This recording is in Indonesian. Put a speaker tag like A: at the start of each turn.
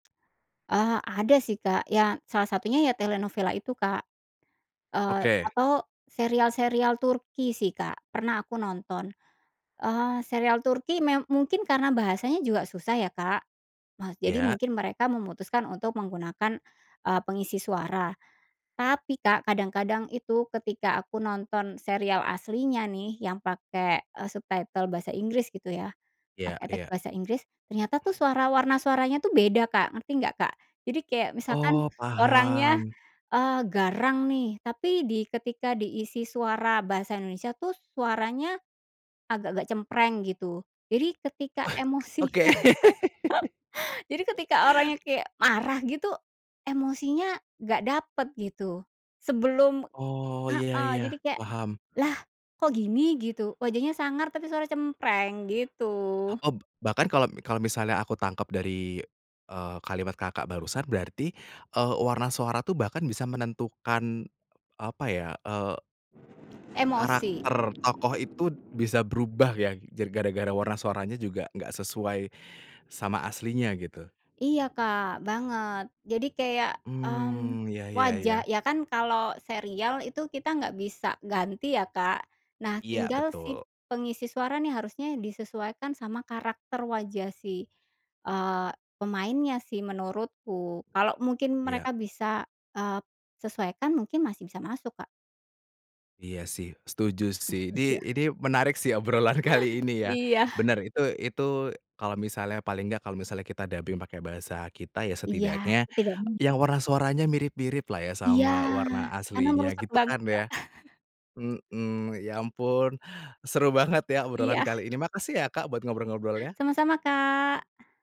A: Eee, ada sih Kak, ya salah satunya ya telenovela itu, Kak, eee,
B: Oke.
A: atau serial-serial Turki sih, Kak, pernah aku nonton, eee, serial Turki me mungkin karena bahasanya juga susah ya, Kak. Nah, jadi
B: Iya.
A: mungkin mereka memutuskan untuk menggunakan, eee, pengisi suara. Tapi, Kak, kadang-kadang itu ketika aku nonton serial aslinya nih, yang pakai, eee, subtitle bahasa Inggris, gitu ya,
B: Iya
A: pakai teks
B: iya.
A: bahasa Inggris, ternyata tuh suara warna suaranya tuh beda, Kak, ngerti nggak, Kak? Jadi kayak misalkan
B: Oh,
A: orangnya,
B: paham.
A: eee, garang nih, tapi di ketika diisi suara bahasa Indonesia tuh suaranya agak-agak cempreng, gitu. Jadi ketika
B: Oke.
A: emosinya jadi ketika orangnya kayak marah gitu, emosinya nggak dapet, gitu, sebelum
B: Oh, iya
A: heeh,
B: iya.
A: jadi kayak,
B: Paham.
A: "Lah, kok gini", gitu, wajahnya sangar tapi suara cempreng, gitu.
B: Eb bahkan kalau kalau misalnya, aku tangkep dari, eee, kalimat Kakak barusan, berarti, eee, warna suara tuh bahkan bisa menentukan, apa ya, eee
A: Emosi.
B: karakter tokoh itu bisa berubah ya, jar gara-gara warna suaranya juga nggak sesuai sama aslinya, gitu.
A: Iya, Kak, banget. Jadi kayak, mmm,
B: Mmm, iya iya
A: wajah
B: iya.
A: ya kan, kalau serial itu kita nggak bisa ganti ya, Kak. Nah,
B: Iya,
A: tinggal si
B: betul.
A: pengisi suara nih, harusnya disesuaikan sama karakter wajah si, eee, pemainnya sih menurutku, kalau mungkin
B: Iya.
A: mereka bisa, eee, sesuaikan mungkin masih bisa masuk, Kak.
B: Iya, sih, setuju sih. Ini,
A: Iya.
B: ini menarik sih, obrolan kali ini ya.
A: Iya.
B: Bener, itu itu kalau misalnya paling enggak, kalau misalnya kita dubbing pakai bahasa kita ya,
A: Iya.
B: setidaknya
A: Tidak me
B: yang warna suaranya mirip-miriplah ya,
A: Iya,
B: sama warna
A: karena
B: aslinya,
A: merusak
B: gitu
A: banget,
B: kan,
A: Kak.
B: ya. Heeh. Ya ampun, seru banget ya obrolan
A: Iya.
B: kali ini, makasih ya, Kak, buat ngobrol-ngobrolnya.
A: Sama-sama, Kak.